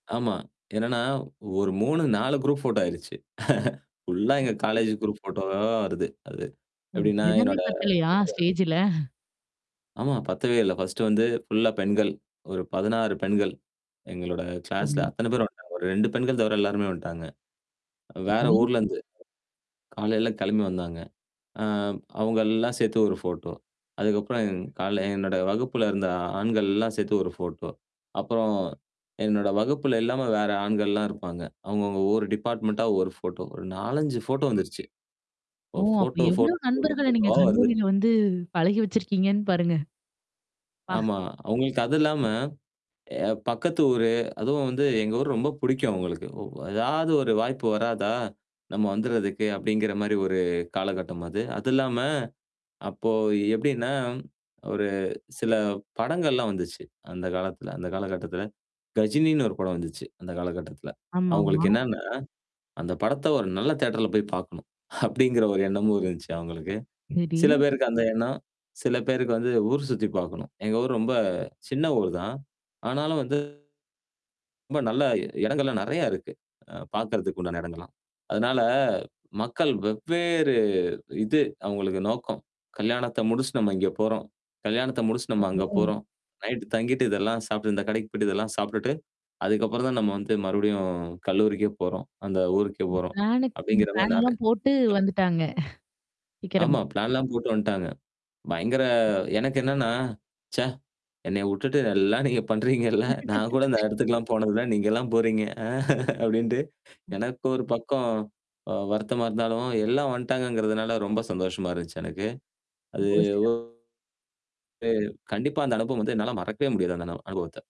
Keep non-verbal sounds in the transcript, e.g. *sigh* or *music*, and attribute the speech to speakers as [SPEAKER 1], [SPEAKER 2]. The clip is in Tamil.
[SPEAKER 1] ஆமா. என்னன்னா ஒரு 3 4 குரூப் ஃபோட்டோ ஆயிருச்சு. *chuckles* ஃபுல்லா எங்க காலேஜ் குரூப் ஃபோட்டோவா வருது. அது.
[SPEAKER 2] ஓ!
[SPEAKER 1] எப்படின்னா
[SPEAKER 2] இடமே
[SPEAKER 1] என்னோட
[SPEAKER 2] பத்தலையா?
[SPEAKER 1] *unintelligible*
[SPEAKER 2] ஸ்டேஜு ல? *chuckles*
[SPEAKER 1] ஆமா. பத்தவேல்ல. ஃபர்ஸ்ட்டு வந்து ஃபுல்லா பெண்கள். ஒரு 16 பெண்கள். எங்களோட கிளாஸ்ல
[SPEAKER 2] சரி.
[SPEAKER 1] அத்தன பேரும் வந்துட்டாங்க. ஒரு 2 பெண்கள் தவிர எல்லாருமே வந்துட்டாங்க. வேற
[SPEAKER 2] சரி.
[SPEAKER 1] ஊர்லருந்து. காலையில கிளம்பி வந்தாங்க. அ அவங்க எல்லாம் சேத்து ஒரு ஃபோட்டோ. அதுக்கப்புறம் காலயில என்னோட வகுப்புல இருந்த ஆண்கள்ல்லாம் சேர்த்து ஒரு ஃபோட்டோ அப்புறம், என்னோட வகுப்புல இல்லாம வேற ஆண்கள்லாம் இருப்பாங்க. அவுங்க அவங்க ஒரு டிபார்ட்மென்ண்ட்டா ஒரு ஃபோட்டோ ஒரு 4, 5 ஃபோட்டோ வந்துருச்சு. ஓ!
[SPEAKER 2] ஓ! அப்ப
[SPEAKER 1] ஃபோட்டோ,
[SPEAKER 2] எவ்வளோ
[SPEAKER 1] ஃபோட்டோ, ஃபோட்டோ,
[SPEAKER 2] நண்பர்கள நீங்க
[SPEAKER 1] ஃபோட்டோவா வருது.
[SPEAKER 2] கல்லூரியில வந்து பழகி வச்சிருக்கீங்கன்னு பாருங்க. அப்பா.
[SPEAKER 1] ஆமா. அவுங்களுக்கு அது இல்லாம எ பக்கத்து ஊரு, அதுவும் வந்து எங்க ஊரு ரொம்ப புடிக்கும் அவங்களுக்கு. ஒ ஏதாவது ஒரு வாய்ப்பு வராதா? நம்ம வந்துறதுக்கு அப்டிங்கிற மாரி ஒரு காலகட்டம் அது. அது இல்லாம அப்போ எப்டின்னா, ஒரு சில படங்கள்லாம் வந்துச்சு அந்த காலத்துல அந்த காலகட்டத்துல. கஜினின்னு ஒரு படம் வந்துச்சு. அந்த காலகட்டத்துல.
[SPEAKER 2] ஆமாமா.
[SPEAKER 1] அங்களுக்கு என்னன்னா? அந்த படத்த ஒரு நல்ல தியட்டர்ல போய் பாக்கணும், அப்டிங்கிற ஒரு எண்ணமும் இருந்துச்சு அவங்களுக்கு.
[SPEAKER 2] சரி.
[SPEAKER 1] சில பேருக்கு அந்த எண்ணம். சில பேருக்கு வந்து ஊர் சுத்தி பார்கணும். எங்க ஊர் ரொம்ப சின்ன ஊர் தான். ஆனாலும் வந்து ரொம்ப நல்ல இடங்கள்லாம் நெறையா இருக்கு. அ பாக்கறதுக்கு உண்டான இடங்கள்லாம். அதனால மக்கள் வெவ்வேறு இது அவங்களுக்கு நோக்கம். கல்யாணத்த முடிச்சுட்டு நம்ம இங்க போறோம். கல்யாணத்த முடிச்சுட்டு நம்ம அங்க
[SPEAKER 2] *unintelligible*
[SPEAKER 1] போறோம். நைட் தங்கிட்டு, இதெல்லாம் சாப்ட்டு இந்த கடைக்கு போய்டு இதெல்லாம் சாப்ட்டுட்டு, அதுக்கப்புறம் தான் நம்ம வந்து மறுபடியும் கல்லூரிக்கே போறோம். அந்த ஊருக்கே போறோம்,
[SPEAKER 2] பிளானு
[SPEAKER 1] அப்படிங்கிற மாரி நெறைய
[SPEAKER 2] பிளான்லாம் போட்டு
[SPEAKER 1] *unintelligible*
[SPEAKER 2] வந்துட்டாங்க. *chuckles* சீக்கிரமே.
[SPEAKER 1] ஆமா. பிளான்லாம் போட்டு வந்துட்டாங்க. பயங்கர எனக்கு என்னன்னா? ச்சே என்னைய வுட்டுட்டு நல்லா நீங்க பண்றீங்கல்ல. நான் கூட இந்த
[SPEAKER 2] *laughs*
[SPEAKER 1] இடத்துக்குல்லாம் போனதுல நீங்கலாம் போறீங்க. அ அப்டின்ட்டு,
[SPEAKER 2] ம்.
[SPEAKER 1] எனக்கு ஒரு பக்கம் அ வருத்தமா இருந்தாலும் எல்லாம் வந்ட்டாங்கங்கறதுனால ரொம்ப சந்தோஷமா இருந்துச்சு எனக்கு.
[SPEAKER 2] ஓ!
[SPEAKER 1] அது. ஓ,
[SPEAKER 2] சிறப்பு.
[SPEAKER 1] அ கண்டிப்பா அந்த அனுபவம் வந்து என்னால மறக்கவே முடியாது அந்த அனுபவத்த.